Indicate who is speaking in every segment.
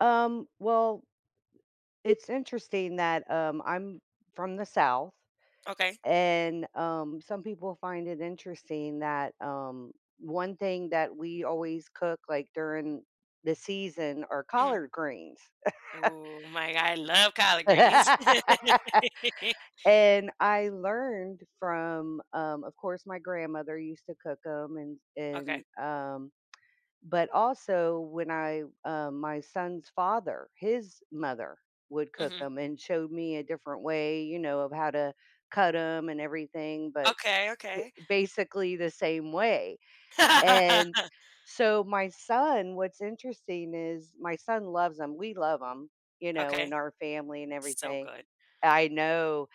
Speaker 1: Um, well, it's interesting that, um, I'm from the South,
Speaker 2: Okay.
Speaker 1: and, um, some people find it interesting that, um, one thing that we always cook, like, during the season are
Speaker 2: Mhm.
Speaker 1: collard greens.
Speaker 2: Ooh my God, I love collard greens.
Speaker 1: And I learned from, um, of course, my grandmother used to cook 'em and
Speaker 2: Okay.
Speaker 1: and, um, but also when I, um, my son's father, his mother would cook
Speaker 2: Mhm.
Speaker 1: 'em and showed me a different way, you know, of how to cut 'em and everything, but
Speaker 2: Okay. Okay.
Speaker 1: b basically the same way, and so my son, what's interesting is my son loves 'em, we love 'em, you know,
Speaker 2: Okay.
Speaker 1: in our family and
Speaker 2: So
Speaker 1: everything.
Speaker 2: good.
Speaker 1: I know,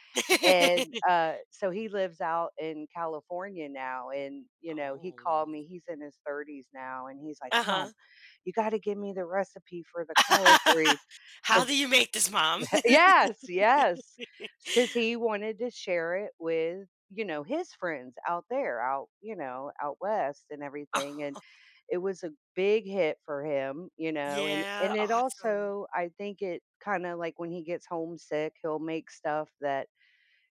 Speaker 1: and, uh, so he lives out in California now and, you know, he
Speaker 2: Oh.
Speaker 1: called me, he's in his 30s now and he's like,
Speaker 2: Uh-huh.
Speaker 1: "Mom, you gotta give me the recipe for the collard greens
Speaker 2: "How
Speaker 1: 'cause"
Speaker 2: do you make this, mom?"
Speaker 1: yes, yes, it's 'cause he wanted to share it with, you know, his friends out there out, you know, out west and everything and it was a big hit for him, you know, and
Speaker 2: Yeah,
Speaker 1: and it
Speaker 2: awesome.
Speaker 1: also, I think it kinda like when he gets homesick, he'll make stuff that,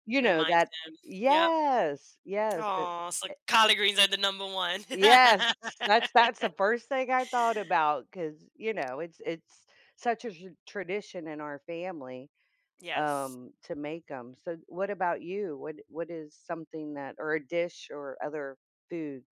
Speaker 1: you know,
Speaker 2: Reminds
Speaker 1: that
Speaker 2: him, yep.
Speaker 1: yes, yes, to
Speaker 2: Aw, so
Speaker 1: eh
Speaker 2: collard greens are the number one.
Speaker 1: Yes, that's that's the first thing I thought about 'cause, you know, it's it's such a tra tradition in our family,
Speaker 2: Yes.
Speaker 1: um, to make 'em, so what about you? What what is something that or a dish or other food?